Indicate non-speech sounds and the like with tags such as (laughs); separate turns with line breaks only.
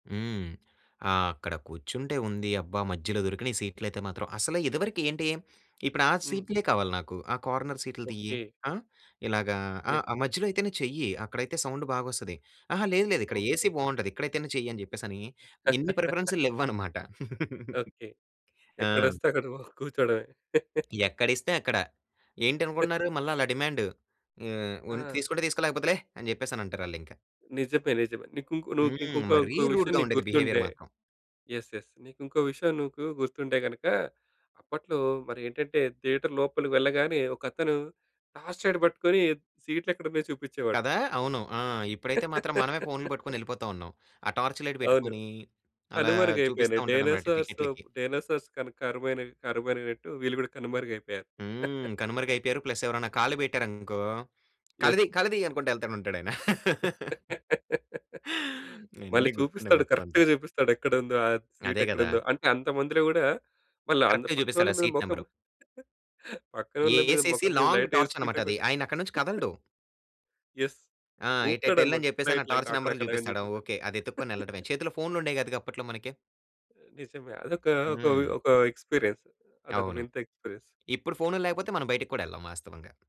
హ్మ్. ఆ ఆక్కడ కూర్చుంటే ఉంది, అబ్బా! మధ్యలో దొరికినీయి సీట్లయితే మాత్రం. అసల ఇదివరకి ఏంటి, ఇప్పు‌డా
హ్మ్.
సీట్లే కావాలి నాకు, ఆ కార్నర్ సీట్లు తియ్యి.
ఓకే.
ఆ! ఇలాగా ఆ!
యెస్.
ఆ మధ్యలో అయితేనే చెయ్యి, అక్కడైతే సౌండు బాగొస్తది. అహా! లేదు, లేదు, ఇక్కడ ఏసీ
ఓకే.
బావుంటది, ఇక్కడైయితేనే చెయ్యి అని చెప్పేసని, ఇన్ని
(laughs)
ప్రిఫరెన్సులు లెవ్వన్నమాట. (giggles)
ఓకే.
ఆ!
ఎక్కడొస్తే అక్కడ ఓహ్, కూర్చోవడమే. (chuckles)
ఎక్కడిస్తే అక్కడ.
(chuckles)
ఏంటనుకుంటున్నారు మళ్ళా అలా డిమాండు. ఆహ్, వున్
ఆ!
తీసుకుంటే తీసుకో, లేకపోతే లే! అని జెప్పేసనంటారాళ్ళింక.
నిజమే నిజమే. నీకుంకొ నువ్వు కింకొ
హ్మ్.
ఇంకో
మరీ
ఇంకో విషయం
రూడ్‌గా
నీకు
ఉండేది బిహేవియర
గుర్తుందే
మాత్రం.
యెస్, యెస్ నీకుంకో విషయం నీకు గుర్తుంటే గనక, అప్పట్లో మరి ఏంటంటే, థియేటర్ లోపలికి వెళ్ళగానే, ఒకతను టార్చ్ లైట్ పట్టుకొని, సీట్లెక్కడున్నాయో చూపిచేవాడు.
కదా! అవును. ఆ! ఇప్పుడైతే మాత్రం, మనమే ఫోనులు
(laughs)
పట్టుకొని ఎపోతావున్నాం. ఆ టార్చ్ లైట్
అవును.
బెట్టుకొనీ, అలా చూపిస్తా
కనుమరుగయిపోయినాయి,
ఉంటాడనమాట
డైనోసార్స్
టికెట్లకి.
డైనోసార్స్ కన కరువైనవి కరువైననట్టు వీళ్ళు కూడా కనుమరుగైయిపోయారు.
హ్మ్.
(chuckles)
కనుమరుగైపోయారు, ప్లస్ ఎవరన్నా కాలు పెట్టారు అనుకో,
యెస్.
"కాళ్ళుదీ, కాళ్ళుదీ" అనుకుంట ఎల్తానే ఉంటాడు అయన. (laughs)
(laughs) మళ్ళీ
అన్ని గుర్తున్నాయి,
చూపిస్తాడు,
మొత్తం అంతా.
కరెక్ట్‌గ చూపిస్తాడు ఎక్కడుందో, ఆ
అదే గదా!
సీటెక్కడుందో. అంటే అంత మందిలో గూడా, మళ్ళా అంద
కరెక్ట్‌గ
పక్కనోళ్ళ
జూపిస్తాడా
మీద,
సీట్
మొఖం
నెంబరు.
(chuckles) పక్కనోళ్ళ మీద,
ఏసేసి,
మొఖం మీద
లాంగ్
లైటేసుకుంట
టార్చనమాటది,
కూడా.
ఆయనక్కడి నుంచి
(chuckles)
కదలడు.
యెస్.
ఆ!
ఉపుతాడనమాట.
ఏటెటెల్లని
ఇట్లా
చెప్పేసని, ఆ
ఇట్లా ఇంక,
టార్చ్
అక్కడ
నెంబరులు
అక్కడ అని
చూపిస్తాడా
చెప్పేసని.
ఓకే. అది ఎత్తుక్కొని యెళ్ళడమే.
(chuckles)
చేతిలో ఫోనులుండేయి కాదుగా అప్పట్లో మనకి.
ఆ! నిజమే, అదొక ఒక
హ్మ్.
ఒక ఎక్స్పీరియన్స్ అదొక
అవును.
వింత ఎక్స్పీరస్.
ఇప్పుడు ఫోనుల్లేకపోతే, మనం బయటికి కూడా ఎళ్ళం వాస్తవంగా.